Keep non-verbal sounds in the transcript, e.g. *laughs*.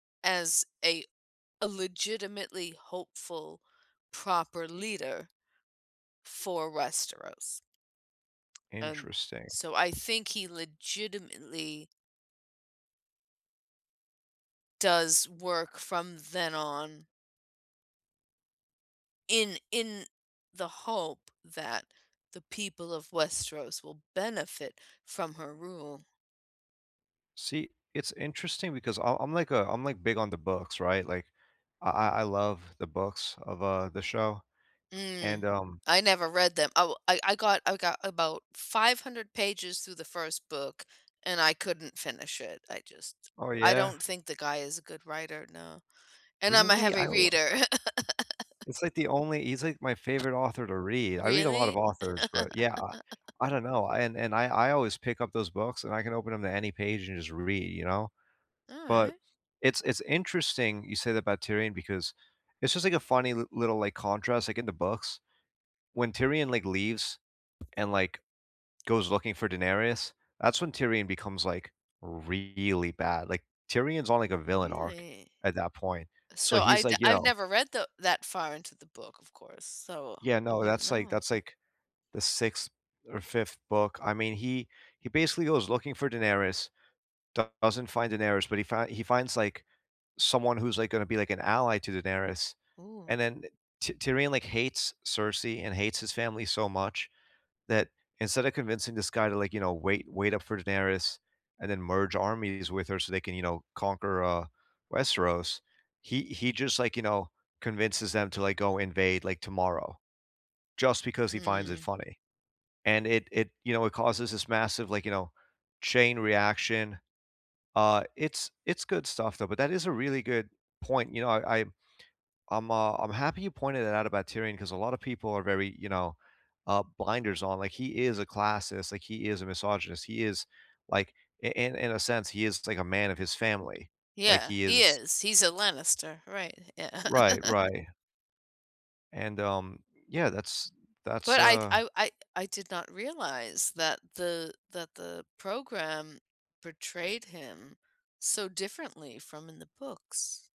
as a a legitimately hopeful, proper leader for Westeros. And Interesting. so I think he legitimately does work from then on in in the hope that the people of Westeros will benefit from her rule. See, it's interesting because I I'm, like, a I'm, like, big on the books, right? Like, I I I love the books of, uh, the show, Mm. and, um I never read them oh, I I got I got about 500 pages through the first book, and I couldn't finish it. I just Oh, I yeah? don't think the guy is a good writer, no. And I'm a Really? I heavy w reader. *laughs* It's, like, the only he's, like, my favorite author to read. I read a lot of Really? authors, but, yeah, I *laughs* I don't know, I and and I I always pick up those books, and I can open 'em to any page and just read, you know? But, Alright. it's it's interesting you say that about Tyrion, because it's just, like, a funny l little, like, contrast, like, in the books, when Tyrion, like, leaves, and, like, goes looking for Daenerys, that's when Tyrion becomes, like, really bad. Like, Tyrion's on, like, a villain arc Really? at that point, so So I he's, d like, you I've know never read the that far into the book, of course, so Yeah, I no, wouldn't that's, like know. that's, like, the 6th or 5th book, I mean he he basically goes looking for Daenerys, d doesn't find Daenerys, but he find he finds, like, someone who's, like, gonna be, like, an ally to Daenerys, Ooh. and then, eh, T Tyrion, like, hates Cersei and hates his family so much, that instead of convincing this guy to, like, you know, wait wait up for Daenerys, and then merge armies with her so they can, you know, conquer, uh, Westeros, he he just, like, you know, convinces them to, like, go invade, like, tomorrow, just because he finds it Mm. funny. And it it you know, it causes this massive, like, you know, chain reaction. Uh, it's it's good stuff, though, but that is a really good point, you know, I I I'm, uh I'm happy you pointed it out about Tyrion, 'cause a lot of people are very, you know, uh, blinders on, like, he is a classist, like, he is a misogynist, he is, like, in in in a sense, he is, like, a man of his family. Like, Yeah. he He is is. He's a Lannister, right. Yeah. Right, *chuckles* right. And, um, yeah, that's that's, But I'd uh I I I did not realize that the that the program portrayed him so differently from in the books.